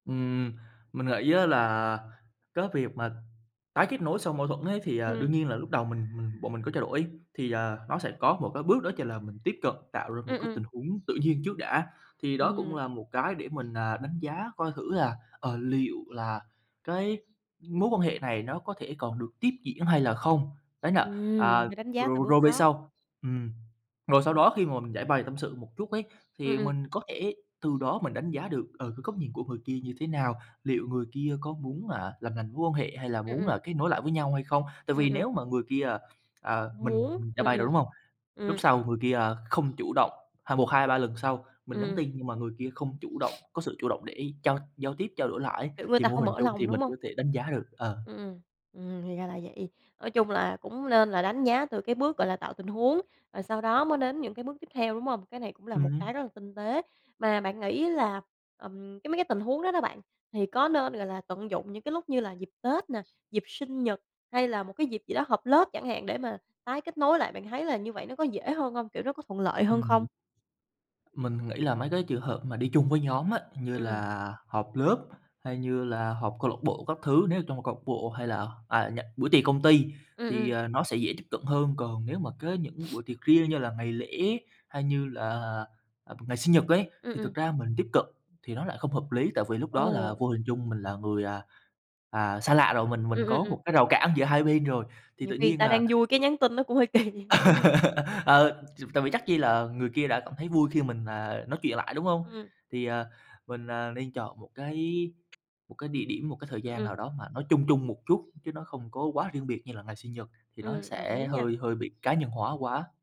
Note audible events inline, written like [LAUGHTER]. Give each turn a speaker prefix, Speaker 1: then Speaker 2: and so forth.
Speaker 1: Ừm, mình nghĩ á là cái việc mà tái kết nối sau mâu thuẫn ấy thì, à,
Speaker 2: Ừm.
Speaker 1: đương nhiên là lúc đầu mình mình bọn mình có trao đổi thì, ờ, nó sẽ có một cái bước đó chính là mình tiếp cận tạo ra một
Speaker 2: Ừm,
Speaker 1: cái
Speaker 2: ừm.
Speaker 1: tình huống tự nhiên trước đã, thì đó cũng
Speaker 2: Ừm.
Speaker 1: là một cái để mình là đánh giá coi thử là, ờ, liệu là cái mối quan hệ này nó có thể còn được tiếp diễn hay là không. Đấy là,
Speaker 2: Ừm,
Speaker 1: à,
Speaker 2: phải đánh giá từ
Speaker 1: rồi
Speaker 2: bước
Speaker 1: rồi về
Speaker 2: đó.
Speaker 1: sau ừm, rồi sau
Speaker 2: Ừm.
Speaker 1: đó khi mà mình giãi bày tâm sự một chút ấy,
Speaker 2: Ừm,
Speaker 1: thì
Speaker 2: ừm.
Speaker 1: mình có thể từ đó mình đánh giá được, ờ, cái góc nhìn của người kia như thế nào, liệu người kia có muốn, à, làm lành mối quan hệ hay là
Speaker 2: Ừm,
Speaker 1: muốn
Speaker 2: ừm.
Speaker 1: là kết nối lại với nhau hay không. Tại
Speaker 2: Ừm,
Speaker 1: vì
Speaker 2: ừm.
Speaker 1: nếu mà người kia, ờ, ờ, mình
Speaker 2: Muốn,
Speaker 1: mình giãi
Speaker 2: ừm,
Speaker 1: bày rồi,
Speaker 2: ừm,
Speaker 1: đúng hông? Lúc
Speaker 2: ừm.
Speaker 1: sau người kia, ờ, không chủ động, ha một, hai, ba lần sau mình nhắn
Speaker 2: Ừm.
Speaker 1: tin nhưng mà người kia không chủ động,
Speaker 2: [SNIFFS]
Speaker 1: có sự chủ động để trao giao tiếp, trao đổi lại ấy,
Speaker 2: Kiểu, người
Speaker 1: thì
Speaker 2: ta
Speaker 1: vô
Speaker 2: không
Speaker 1: hình
Speaker 2: mở
Speaker 1: chung thì
Speaker 2: lòng, đúng
Speaker 1: mình
Speaker 2: hông?
Speaker 1: có thể đánh giá được, ờ.
Speaker 2: Ừm, ừm, ừm, thì ra là vậy. Nói chung là cũng nên là đánh giá từ cái bước, gọi là, tạo tình huống, rồi sau đó mới đến những cái bước tiếp theo, đúng hông? Cái này cũng là một
Speaker 1: Ừm.
Speaker 2: cái rất là tinh tế. Mà bạn nghĩ là, ừm, cái mấy cái tình huống đó đó bạn, thì có nên, gọi là, tận dụng những cái lúc như là dịp Tết nè, dịp sinh nhật hay là một cái dịp gì đó họp lớp chẳng hạn để mà tái kết nối lại, bạn thấy là như vậy nó có dễ hơn hông? Kiểu, nó có thuận lợi hơn không?
Speaker 1: Ừm. Mình nghĩ là mấy cái trường hợp mà đi chung với nhóm á, như
Speaker 2: Ừm.
Speaker 1: là họp lớp hay như là họp câu lạc bộ các thứ, nếu ở trong câu bộ hay là, à, nh buổi tiệc công ty
Speaker 2: Ừm,
Speaker 1: thì,
Speaker 2: ừm.
Speaker 1: à, nó sẽ dễ tiếp cận hơn. Còn nếu mà có những
Speaker 2: [SNIFFS]
Speaker 1: buổi tiệc riêng như là ngày lễ hay như là, ờ, ngày sinh nhật ấy,
Speaker 2: Ừm,
Speaker 1: thì
Speaker 2: ừm.
Speaker 1: thực ra mình tiếp cận thì nó lại không hợp lý. Tại vì lúc đó là
Speaker 2: Ồ.
Speaker 1: vô hình chung mình là người, à, à, xa lạ rồi, mình
Speaker 2: Ừm,
Speaker 1: mình
Speaker 2: ừm,
Speaker 1: có
Speaker 2: ừm.
Speaker 1: một cái rào cản giữa hai bên rồi thì
Speaker 2: Nhiều
Speaker 1: tự
Speaker 2: khi người
Speaker 1: nhiên
Speaker 2: ta
Speaker 1: là
Speaker 2: đang vui cái nhắn tin nó cũng hơi kỳ. [LAUGHS]
Speaker 1: [LAUGHS] Ờ, [UNINTELLIGIBLE] tại vì chắc chi là người kia đã cảm thấy vui khi mình, à, nói chuyện lại, đúng hông?
Speaker 2: Ừm.
Speaker 1: Thì, à, mình, à, nên chọn một cái một cái địa điểm, một cái thời
Speaker 2: Ừm,
Speaker 1: gian
Speaker 2: ừm.
Speaker 1: nào đó mà nó chung chung một chút, chứ nó không có quá riêng biệt như là ngày sinh nhật, thì nó
Speaker 2: Ừm, đồng ý
Speaker 1: sẽ
Speaker 2: nha.
Speaker 1: hơi hơi bị cá nhân hóa quá.